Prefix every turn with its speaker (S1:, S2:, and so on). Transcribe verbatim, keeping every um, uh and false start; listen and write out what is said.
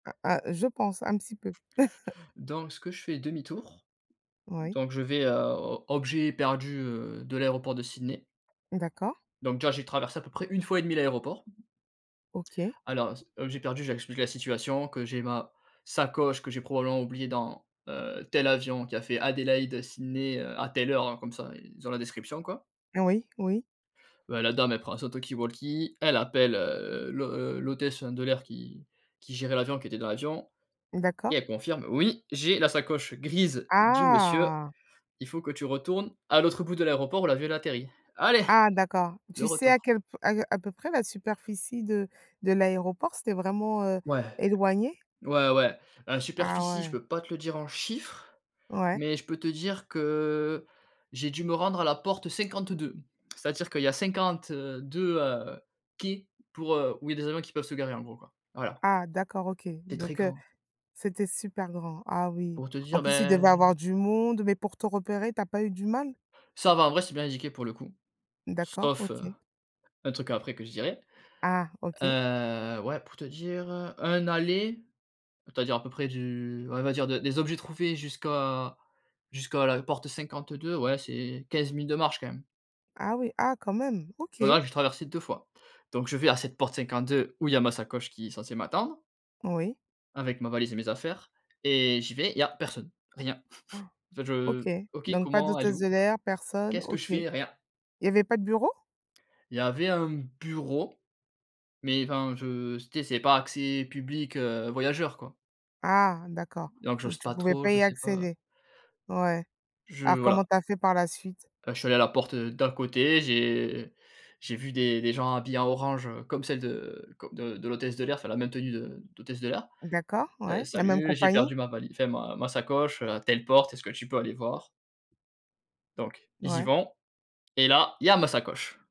S1: Ah, ah, je pense un petit peu.
S2: Donc ce que je fais: demi-tour,
S1: Oui.
S2: donc je vais, heu, o objets perdus, heu, de l'aéroport de Sydney.
S1: D'accord.
S2: Donc déjà, j'ai traversé, à peu près une fois et demie, l'aéroport.
S1: OK.
S2: Alors, j objets perdus, je leur explique la situation, que j'ai ma sacoche que j'ai probablement oubliée dans, heu, tel avion qui a fait Adélaide, heu, Sydney, heu, à telle heure. Heu, comme ça, ils ont la description, quoi.
S1: Oui, oui.
S2: Ben, la dame elle prend son talkie walkie, elle appelle, heu, l'hô heu, l'hôtesse de l'air qui qui gérait l'avion, qui était dans l'avion et
S1: D'accord.
S2: elle confirme: «Oui, j'ai la sacoche grise du monsieur.
S1: Ah.
S2: Il faut que tu retournes à l'autre bout de l'aéroport où l'avion, il a atterri». Allez!
S1: Ah, d'accord.
S2: Le
S1: Tu sais à
S2: retour.
S1: quel p à heu à peu près, la superficie de de l'aéroport? C'était vraiment, heu,
S2: Ouais.
S1: éloigné?
S2: Ouais, ouais, heu,
S1: Ah,
S2: superficie, je
S1: ouais.
S2: peux pas te le dire en chiffres
S1: Ouais.
S2: mais je peux te dire que j'ai dû me rendre à la porte cinquante-deux. C'est à dire qu'il y a cinquante, heu, deux, heu, quais pour, heu, où il y a des avions qui peuvent se garer, en gros, quoi. Voilà.
S1: Ah, d'accord, OK,
S2: C'est très
S1: donc heu,
S2: grand.
S1: c'était super grand. Ah, oui!
S2: Pour te
S1: En
S2: dire,
S1: plus, il devait
S2: ben
S1: avoir du monde, mais pour te repérer, tu as pas eu du mal?
S2: Ça va. En vrai, c'est bien indiqué, pour le coup.
S1: D'accord.
S2: Sauf,
S1: OK.
S2: un truc après que je dirai.
S1: Ah, OK.
S2: Heu, ouais, pour te dire, un aller, c'est-à-dire, à peu près, du ouais, on va dire, de des objets trouvés jusqu'à jusqu'à la porte cinquante-deux, ouais, c'est quinze minutes de marche, quand même.
S1: Ah oui, ah, quand même. OK.
S2: Voilà, j'ai traversé deux fois, donc je vais à cette porte cinquante-deux où il y a ma sacoche qui est censée m'attendre
S1: Oui.
S2: avec ma valise et mes affaires, et j'y vais. Il y a personne, rien. En fait, je
S1: OK,
S2: OK.
S1: donc pas
S2: Comment? Elle est
S1: d'hôtesse de
S2: où?
S1: l'air, personne,
S2: Qu'est-ce que je
S1: OK. Il
S2: fais? Rien.
S1: y avait pas de bureau?
S2: Il y avait un bureau mais enfin, je tu sais, c'est pas accès public, heu, voyageur, quoi.
S1: Ah, d'accord,
S2: Donc j'ose
S1: donc tu
S2: pas
S1: pouvais
S2: trop.
S1: pas
S2: Je
S1: y
S2: sais pas.
S1: accéder. Ouais.
S2: Je
S1: Alors comment
S2: voilà.
S1: tu as fait, par la suite?
S2: Heu, je suis allé à la porte, heu, d'à côté. J'ai j'ai vu des des gens habillés en orange, heu, comme celle de co de de l'hôtesse de l'air, enfin la même tenue de d'hôtesse de l'air.
S1: D'accord,
S2: «Heu,
S1: ouais. La même
S2: salut, j'ai
S1: compagnie?
S2: perdu ma vali enfin ma ma sacoche, heu, à telle porte, est-ce que tu peux aller voir?» Donc ils y
S1: Ouais.
S2: vont et là, il y a ma sacoche!